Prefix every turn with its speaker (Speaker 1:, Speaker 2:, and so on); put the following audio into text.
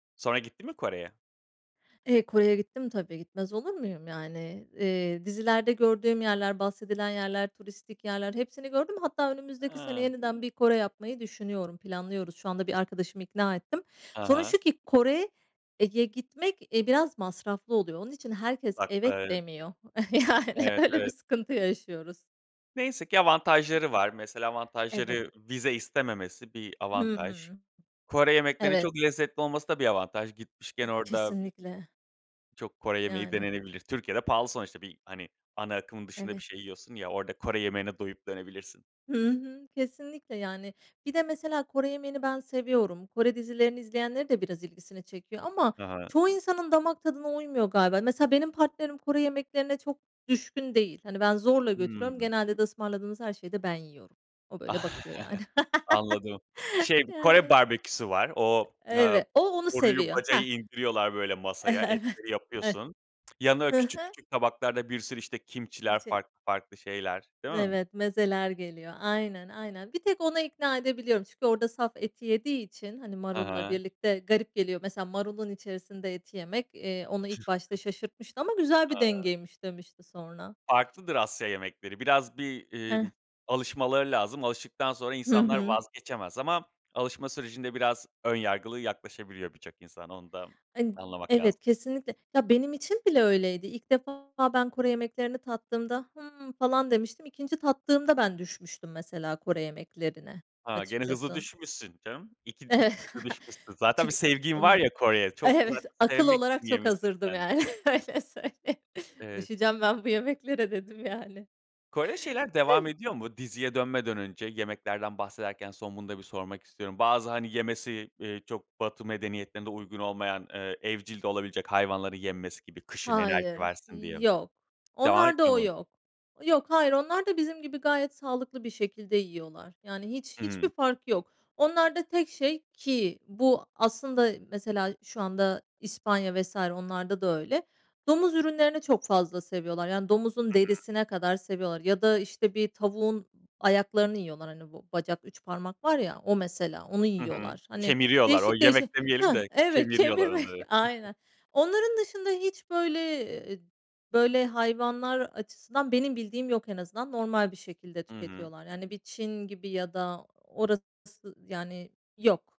Speaker 1: Sonra gittin mi Kore'ye?
Speaker 2: Eee, Kore'ye gittim tabii, gitmez olur muyum, yani, eee, dizilerde gördüğüm yerler, bahsedilen yerler, turistik yerler, hepsini gördüm. Hatta, önümüzdeki sene,
Speaker 1: Iıı.
Speaker 2: yeniden, bir Kore yapmayı düşünüyorum, planlıyoruz şu anda, bir arkadaşımı ikna ettim.
Speaker 1: Ha
Speaker 2: Sorun
Speaker 1: ha.
Speaker 2: şu ki, Kore'ye gitmek, e, biraz masraflı oluyor. Onun için, herkes evet
Speaker 1: [unintelligible]
Speaker 2: demiyor. Yani,
Speaker 1: Evet,
Speaker 2: öyle bir
Speaker 1: evet.
Speaker 2: sıkıntı yaşıyoruz.
Speaker 1: Neyse ki, avantajları var. Mesela,
Speaker 2: Evet.
Speaker 1: avantajları, vize istememesi bir
Speaker 2: Hı
Speaker 1: avantaj.
Speaker 2: hı.
Speaker 1: Kore yemeklerinin,
Speaker 2: Evet.
Speaker 1: çok lezzetli olması da bir avantaj. Gitmişken
Speaker 2: Ay
Speaker 1: orada
Speaker 2: kesinlikle.
Speaker 1: Çok Kore yemeği
Speaker 2: Yani.
Speaker 1: denenebilir. Türkiye'de pahalı, sonuçta, bir, hani, ana akımın dışında bir
Speaker 2: Evet.
Speaker 1: şey yiyorsun ya, orada Kore yemeğine doyup dönebilirsin.
Speaker 2: Hı hı. Kesinlikle yani. Bir de, mesela, Kore yemeğini ben seviyorum. Kore dizilerini izleyenlerin de, biraz ilgisini çekiyor, ama,
Speaker 1: Hı hı.
Speaker 2: çoğu insanın damak tadına uymuyor galiba. Mesela benim partnerim, Kore yemeklerine çok düşkün değil. Hani, ben zorla götürüyorum.
Speaker 1: Hımm.
Speaker 2: Genelde de, ısmarladığınız her şeyi de ben yiyorum. O, böyle, bakıyor yani.
Speaker 1: Anladım. Şey, bir, Kore
Speaker 2: Yani.
Speaker 1: barbeküsü var. O, aaa,
Speaker 2: Evet. O onu
Speaker 1: boruyu,
Speaker 2: seviyor
Speaker 1: bacayı
Speaker 2: Hah.
Speaker 1: indiriyorlar böyle masaya,
Speaker 2: Evet.
Speaker 1: etleri
Speaker 2: Eh.
Speaker 1: yapıyorsun. Yanına, böyle,
Speaker 2: Hı
Speaker 1: küçük,
Speaker 2: hı.
Speaker 1: küçük tabaklarda bir sürü, işte kimhci'ler
Speaker 2: Kimchi.
Speaker 1: farklı, farklı şeyler, değil mi?
Speaker 2: Evet, mezeler geliyor. Aynen, aynen, bir tek ona ikna edebiliyorum. Çünkü, orada saf eti yediği için, hani,
Speaker 1: Hı
Speaker 2: marulla
Speaker 1: hı.
Speaker 2: birlikte garip geliyor. Mesela, marulun içerisinde eti yemek, eee, onu ilk başta şaşırtmıştı, ama "Güzel bir
Speaker 1: Haa.
Speaker 2: dengeymiş." demişti sonra.
Speaker 1: Farklıdır Asya yemekleri. Biraz, bir, imm,
Speaker 2: Ih.
Speaker 1: alışmaları lazım. Alıştıktan sonra,
Speaker 2: Hı
Speaker 1: insanlar
Speaker 2: hı.
Speaker 1: vazgeçemez ama, alışma sürecinde, biraz ön yargılı yaklaşabiliyor birçok insan. Onu da
Speaker 2: Hani,
Speaker 1: anlamak lazım.
Speaker 2: evet, kesinlikle. Ya, benim için bile öyleydi. İlk defa, ben Kore yemeklerini tattığımda hımm falan demiştim. 2. tattığımda, ben düşmüştüm mesela Kore yemeklerine.
Speaker 1: Ha, gene hızlı
Speaker 2: Açıkçası.
Speaker 1: düşmüşsün canım. iki
Speaker 2: Eve
Speaker 1: iki kere düşünmüşsün. Zaten bir
Speaker 2: çünkü,
Speaker 1: sevgin var
Speaker 2: ımm,
Speaker 1: ya Kore'ye çok
Speaker 2: evet,
Speaker 1: zaten
Speaker 2: akıl
Speaker 1: sevmek için
Speaker 2: olarak çok
Speaker 1: yemişsin
Speaker 2: hazırdım
Speaker 1: sen.
Speaker 2: yani. Öyle söyleyeyim
Speaker 1: Evet.
Speaker 2: "Düşeceğim ben bu yemeklere." dedim yani.
Speaker 1: Kore'de şeyler, devam
Speaker 2: Öyle.
Speaker 1: ediyor mu? Diziye dönmeden önce, yemeklerden bahsederken, son, bunu da bir sormak istiyorum. Bazı, hani, yemesi, eee, çok, batı medeniyetlerinde uygun olmayan, ııı, evcil de olabilecek hayvanları yenmesi gibi, kışın enerji
Speaker 2: Hayır,
Speaker 1: versin diye.
Speaker 2: yok.
Speaker 1: Devam
Speaker 2: Onlarda
Speaker 1: etmiyor
Speaker 2: o
Speaker 1: mu?
Speaker 2: yok. Yok, hayır onlar da, bizim gibi, gayet sağlıklı bir şekilde yiyorlar, yani, hiç, hiçbir
Speaker 1: Hımm.
Speaker 2: fark yok onlarda tek şey, ki bu aslında, mesela, şu anda İspanya vs. onlarda da öyle, domuz ürünlerini çok fazla seviyorlar, yani domuzun
Speaker 1: Hı hı.
Speaker 2: derisine kadar seviyorlar, ya da, işte, bir tavuğun ayaklarını yiyorlar, hani, bu bacak 3 parmak var ya, o, mesela onu
Speaker 1: Hı hı.
Speaker 2: yiyorlar, hani,
Speaker 1: Kemiriyorlar, o,
Speaker 2: değişik,
Speaker 1: yemek
Speaker 2: değişik
Speaker 1: demeyelim
Speaker 2: hah
Speaker 1: de,
Speaker 2: evet,
Speaker 1: kemiriyorlar
Speaker 2: kemirmek.
Speaker 1: onları.
Speaker 2: Aynen, onların dışında, hiç, böyle, eee, böyle, hayvanlar açısından benim bildiğim yok en azından. Normal bir şekilde
Speaker 1: Hı hı.
Speaker 2: tüketiyorlar. Yani bir Çin gibi, ya da orası yani yok.